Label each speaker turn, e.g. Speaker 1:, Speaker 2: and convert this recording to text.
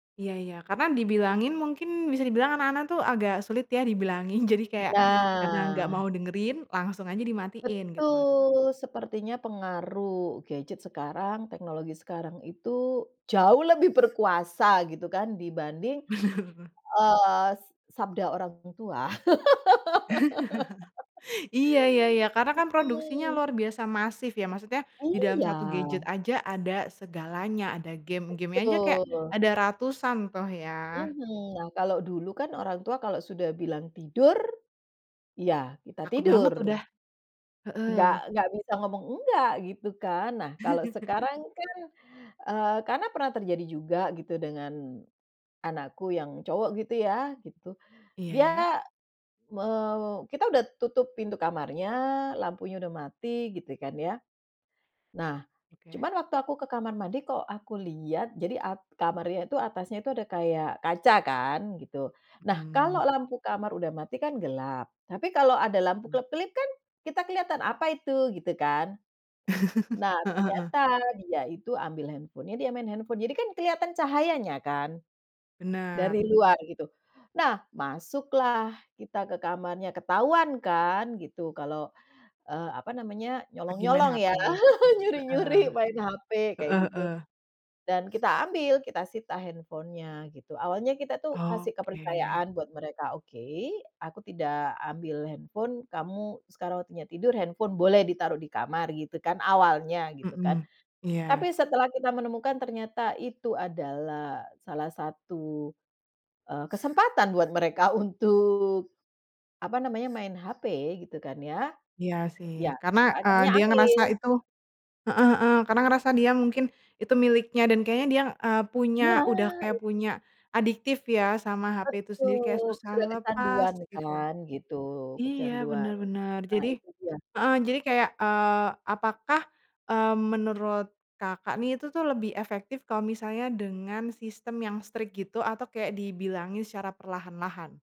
Speaker 1: Iya ya. Karena dibilangin mungkin, bisa dibilang anak-anak tuh, agak sulit, ya dibilangin. Jadi kayak, karena nggak
Speaker 2: Nah.
Speaker 1: mau dengerin, langsung aja dimatiin, gitu.
Speaker 2: Betul. Sepertinya pengaruh gadget sekarang. Teknologi sekarang itu, jauh lebih berkuasa, gitu kan, dibanding,
Speaker 1: Bener.
Speaker 2: eee, s s sabda orang tua.
Speaker 1: Iya iya iya. Karena kan produksinya
Speaker 2: Mhm.
Speaker 1: luar biasa masif, ya, maksudnya, di dalam
Speaker 2: Iya.
Speaker 1: 1 gadget aja, ada segalanya. Ada gim. Gimnya aja kayak
Speaker 2: Betul.
Speaker 1: ada ratusan tuh, ya.
Speaker 2: Mhm. Nah, kalau dulu kan orang tua kalau sudah bilang, "Tidur", ya kita
Speaker 1: Takut
Speaker 2: tidur.
Speaker 1: banget, udah. Heeh.
Speaker 2: Nggak nggak bisa ngomong nggak, gitu kan. Nah, kalau sekarang kan, eee, karena pernah terjadi juga, gitu, dengan anakku yang cowok, gitu ya, gitu.
Speaker 1: Iya, ya.
Speaker 2: Dia, me kita udah tutup pintu kamarnya, lampunya udah mati, gitu kan, ya, nah,
Speaker 1: Oke.
Speaker 2: cuman waktu aku ke kamar mandi, kok aku liat jadi ak kamarnya itu atasnya itu, ada kayak kaca kan, gitu. Nah, kalau
Speaker 1: Mhm.
Speaker 2: lampu kamar udah mati, kan gelap. Tapi kalau ada lampu
Speaker 1: Mmm.
Speaker 2: kelap-kelip, kan, kita kelihatan, "Apa itu?", gitu kan. Nah,
Speaker 1: Heeh heeh.
Speaker 2: ternyata, dia itu ambil handphone-nya, dia main handphone. Jadi kan kelihatan cahayanya, kan,
Speaker 1: Benar.
Speaker 2: dari luar, gitu. Nah, masuklah kita ke kamarnya, ketahuan kan, gitu, kalau, eee, apa namanya,
Speaker 1: Lagi main
Speaker 2: nyolong-nyolong
Speaker 1: HP.
Speaker 2: ya,
Speaker 1: Heeh.
Speaker 2: nyuri-nyuri main HP, kayak
Speaker 1: Heeh
Speaker 2: gitu.
Speaker 1: heeh.
Speaker 2: Dan kita ambil, kita sita handphone-nya, gitu. Awalnya kita tuh, kasih
Speaker 1: Oke.
Speaker 2: kepercayaan buat mereka, "Oke, aku tidak ambil handphone, kamu sekarang waktunya tidur, handphone boleh ditaruh di kamar," gitu kan, awalnya, gitu kan.
Speaker 1: Heeh.
Speaker 2: Tapi
Speaker 1: Iya.
Speaker 2: setelah kita menemukan, ternyata itu adalah salah satu, eee, kesempatan buat mereka untuk, apa namanya, main HP, gitu kan, ya.
Speaker 1: Iya,
Speaker 2: Ya,
Speaker 1: sih. Karena,
Speaker 2: saya
Speaker 1: eee,
Speaker 2: akhirnya
Speaker 1: dia
Speaker 2: ambil.
Speaker 1: ngerasa itu heeh heeh. Karena ngerasa dia mungkin, itu miliknya dan kayaknya dia, eee, punya udah
Speaker 2: Nah,
Speaker 1: kayak
Speaker 2: Itu.
Speaker 1: punya adiktif, ya, sama HP itu sendiri. Kayak
Speaker 2: Betul.
Speaker 1: susah
Speaker 2: Sudah
Speaker 1: lepas,
Speaker 2: kecanduan,
Speaker 1: gitu.
Speaker 2: kan, gitu.
Speaker 1: Iya, bener
Speaker 2: Kecanduan.
Speaker 1: bener.
Speaker 2: Nah,
Speaker 1: Jadi
Speaker 2: itu dia.
Speaker 1: heeh. Jadi kayak, eee, apakah, eee, menurut Kakak nih, itu tuh lebih efektif kalau misalnya dengan sistem yang strict, gitu, atau kayak dibilangin secara perlahan-lahan?